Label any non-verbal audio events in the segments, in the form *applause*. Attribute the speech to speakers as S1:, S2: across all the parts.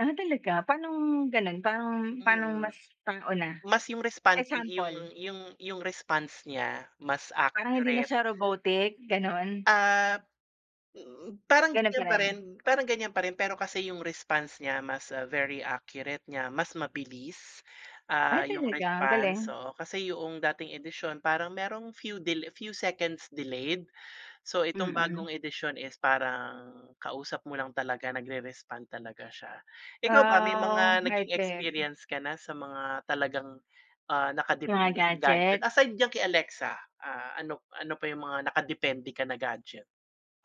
S1: Ah, talaga paanong gano'n parang pa'nong
S2: Mm,
S1: mas tao na?
S2: mas yung respond yung
S1: Example.
S2: yung yung response niya mas
S1: Parang hindi na
S2: accurate.
S1: siya robotic gano'n?
S2: Ah, hmm, parang
S1: Gano'n pa
S2: gan'yan pa rin
S1: rin?
S2: parang gan'yan pa rin pero kasi yung response niya mas very accurate niya mas mabilis,
S1: Ay,
S2: ah, yung
S1: talaga? Ang
S2: response,
S1: galing!
S2: oo kasi yung dating edisyon parang merong few del few seconds delayed. So, itong
S1: Mm.
S2: bagong edisyon is parang kausap mo lang talaga nagre-respond talaga siya. Ikaw ba may
S1: Ah,
S2: mga naging
S1: high-tech.
S2: experience ka na sa mga talagang, ah,
S1: Yung mga
S2: nakadepende sa gadget
S1: gadget?
S2: aside diyan kay Alexa, ah, ano ano pa yung mga nakadepende ka na gadget?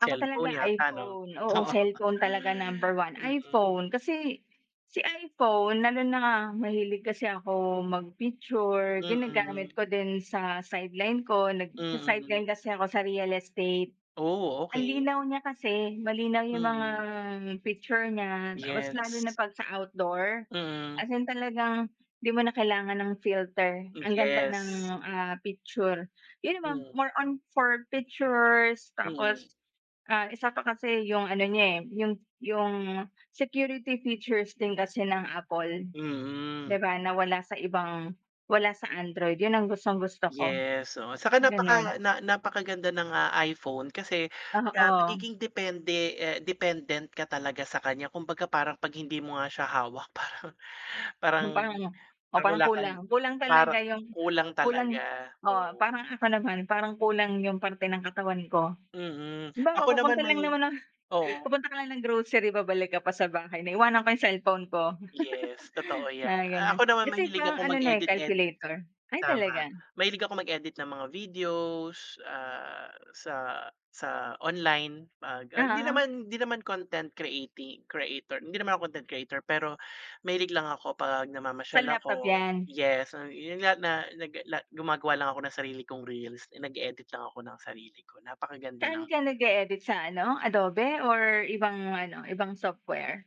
S1: Ako talaga
S2: yata 'no?
S1: iPhone, oo,
S2: Oo.
S1: cellphone talaga number 1
S2: Mm.
S1: iPhone kasi, si iPhone lalo na nga mahilig kasi ako magpicture, ginagamit
S2: Mm.
S1: ko din sa sideline ko
S2: Mm.
S1: nagsa-sideline kasi ako sa real estate.
S2: Oh,
S1: Ang
S2: okey.
S1: linaw niya kasi malinaw yung mga
S2: Mm.
S1: picture niya tapos lalo na
S2: Yes.
S1: pag sa outdoor,
S2: Mm.
S1: as in talagang di mo na kailangan ng filter
S2: Hmm,
S1: ang ganda ng,
S2: yes.
S1: ah, picture, yun naman
S2: Mm.
S1: more on for pictures
S2: Mm.
S1: tapos, ah, isa pa kasi yung ano niya, eh, yung yung security features din kasi ng Apple, di
S2: Mm.
S1: ba na wala sa ibang wala sa android, yun ang gustong-gusto ko,
S2: Yes, oo, saka
S1: gano'n.
S2: napaka na napakaganda ng, ah, iPhone kasi kaya
S1: Oo.
S2: magiging depende, eh, dependent ka talaga sa kanya. Kumbaga parang pag hindi mo nga siya hawak parang, parang
S1: Yung parang oh, parang
S2: nawala ka ni
S1: kulang kulang
S2: parang
S1: talaga yung,
S2: kulang
S1: kulang
S2: talaga,
S1: oo
S2: hmm.
S1: parang ako naman parang kulang yung parte ng katawan ko.
S2: Mm,
S1: Halimbawa
S2: ako naman
S1: pupunta lang
S2: may
S1: naman ng
S2: oh.
S1: pupunta ka lang ng grocery babalik ka pa sa bahay naiiwanan ko yung cellphone ko,
S2: Yes totoo
S1: *chuckles*
S2: 'yan,
S1: mga gano'n
S2: ako naman
S1: kasi
S2: mahilig
S1: parang
S2: akong
S1: ano na, eh,
S2: mag-edit-edit.
S1: calculator, ay
S2: Tama,
S1: talaga?
S2: mahilig ako mag-edit ng mga videos, ah, sa sa online pag, ah, hindi
S1: Oo.
S2: naman, hindi naman content creati-creator, hindi naman ako content creator pero mahilig lang ako pag namamasyal
S1: Sa laptop
S2: ako
S1: 'yan?
S2: yes yun nga na nag la gumagawa lang ako ng sarili kong reels and nag-edit lang ako ng sarili ko napakaganda lang.
S1: Saan ka nag-eedit sa ano, Adobe or ibang ano, ibang software?